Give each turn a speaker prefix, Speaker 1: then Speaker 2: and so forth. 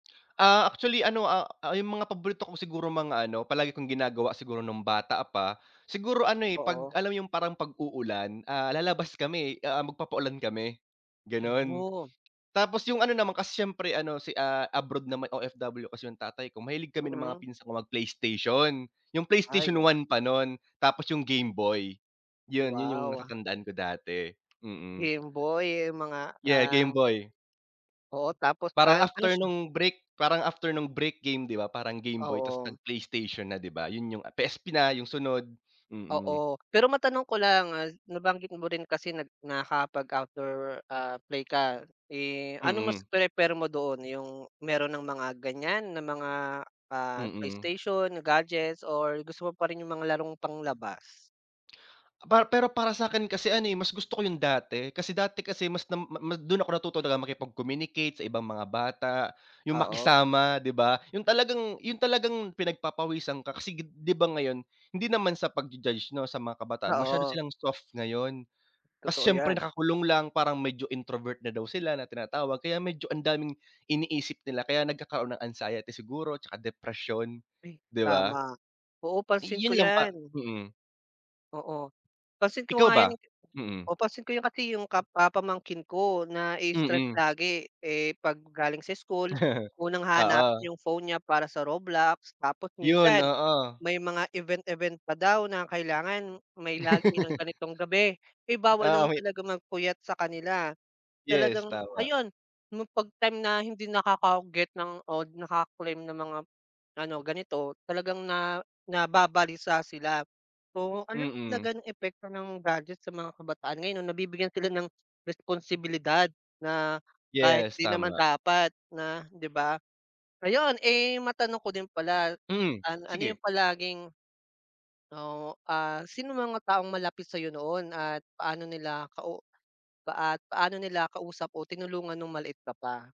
Speaker 1: Ah, actually ano, ah ah, yung mga paborito ko siguro mga ano palagi kong ginagawa siguro nung bata pa, siguro ano, eh, pag
Speaker 2: Oo.
Speaker 1: alam mo yung parang pag-uulan ah, lalabas kami, eh. Ah, magpapa-ulan kami ganun.
Speaker 2: [unintelligible]
Speaker 1: Tapos yung ano naman kasi siyempre ano si ah, abroad naman OFW kasi yung tatay ko mahilig kami ng mga
Speaker 2: Mm.
Speaker 1: pinsan ko mag Playstation, yung
Speaker 2: Ay
Speaker 1: Playstation
Speaker 2: ganun.
Speaker 1: I pa nun tapos yung Game Boy. Yun yun yung
Speaker 2: Wow.
Speaker 1: natatandaan ko dati, mhm.
Speaker 2: Game Boy yung mga
Speaker 1: Yeah
Speaker 2: ah
Speaker 1: Game Boy.
Speaker 2: Oo, tapos,
Speaker 1: Parang
Speaker 2: ah, ano
Speaker 1: after
Speaker 2: siya?
Speaker 1: nung Brick, parang after nung Brick game di ba parang Game Boy tapos
Speaker 2: Oo.
Speaker 1: nag Playstation na di ba. Yun yung PSP na yung sunod, mm.
Speaker 2: Oo pero matanong ko lang. Ah, nabanggit mo rin kasi na nakapag-outdoor ah, play ka. Eh, ano mas
Speaker 1: Mm.
Speaker 2: prefer mo doon, yung meron ng mga ganyan? Na mga ah,
Speaker 1: Mm.
Speaker 2: Playstation, gadgets, or gusto mo pa rin yung mga larong pang labas?
Speaker 1: Para pero para sakin kasi ano, eh, mas gusto ko yung dati. Kasi dati kasi mas na ma dun ako natuto talaga makipag-communicate sa ibang mga bata. Yung
Speaker 2: Oo.
Speaker 1: makisama di ba? Yung talagang yung talagang pinagpapawisan ka kasi di ba ngayon hindi naman sa pagju-judge no sa mga kabataan masyado
Speaker 2: Oo.
Speaker 1: silang soft ngayon.
Speaker 2: Totoo
Speaker 1: Kasi siyempre
Speaker 2: yan.
Speaker 1: nakakulong lang, parang medyo introvert na daw sila na tinatawag. Kaya medyo ang daming iniisip nila kaya nagkakaroon ng anxiety siguro tsaka depresyon
Speaker 2: Ay
Speaker 1: di ba.
Speaker 2: tama, oo pansin ko
Speaker 1: Yun lang pa,
Speaker 2: yan.
Speaker 1: mhm.
Speaker 2: Oo pansin ko
Speaker 1: Ikaw
Speaker 2: nga yan.
Speaker 1: ba? Mm.
Speaker 2: O pansin ko yan kasi yung ka ah, pa pamangkin ko na i-stress
Speaker 1: Mm.
Speaker 2: lagi eh pag galing sa school, unang hanap
Speaker 1: Oo.
Speaker 2: yung phone niya para sa Roblox. Tapos
Speaker 1: Yun
Speaker 2: minsan
Speaker 1: oo.
Speaker 2: may mga event event pa daw na kailangan may lagi ng ganitong gabi, ay bawal
Speaker 1: Ah,
Speaker 2: naman
Speaker 1: [unintelligible]
Speaker 2: talaga magpuyat sa kanila.
Speaker 1: Yes,
Speaker 2: Talagang
Speaker 1: tama.
Speaker 2: ayun pag time na hindi nakaka get ng o naka claim ng mga ano ganito. Talagang na nababalisa sila. Oo ano
Speaker 1: Mm.
Speaker 2: talaga ng epekto ng gadget sa mga kabataan ngayon no? Nabibigyan sila ng responsibilidad na kahit
Speaker 1: Yes,
Speaker 2: di naman
Speaker 1: tama.
Speaker 2: dapat na di ba. Ayun, eh, matanong ko din pala,
Speaker 1: Hmm,
Speaker 2: an ano yung
Speaker 1: sige.
Speaker 2: palaging o, ah, sinong mga taong malapit sayo noon at paano nila kau at paano nila kausap o tinulungan nung maliit ka pa?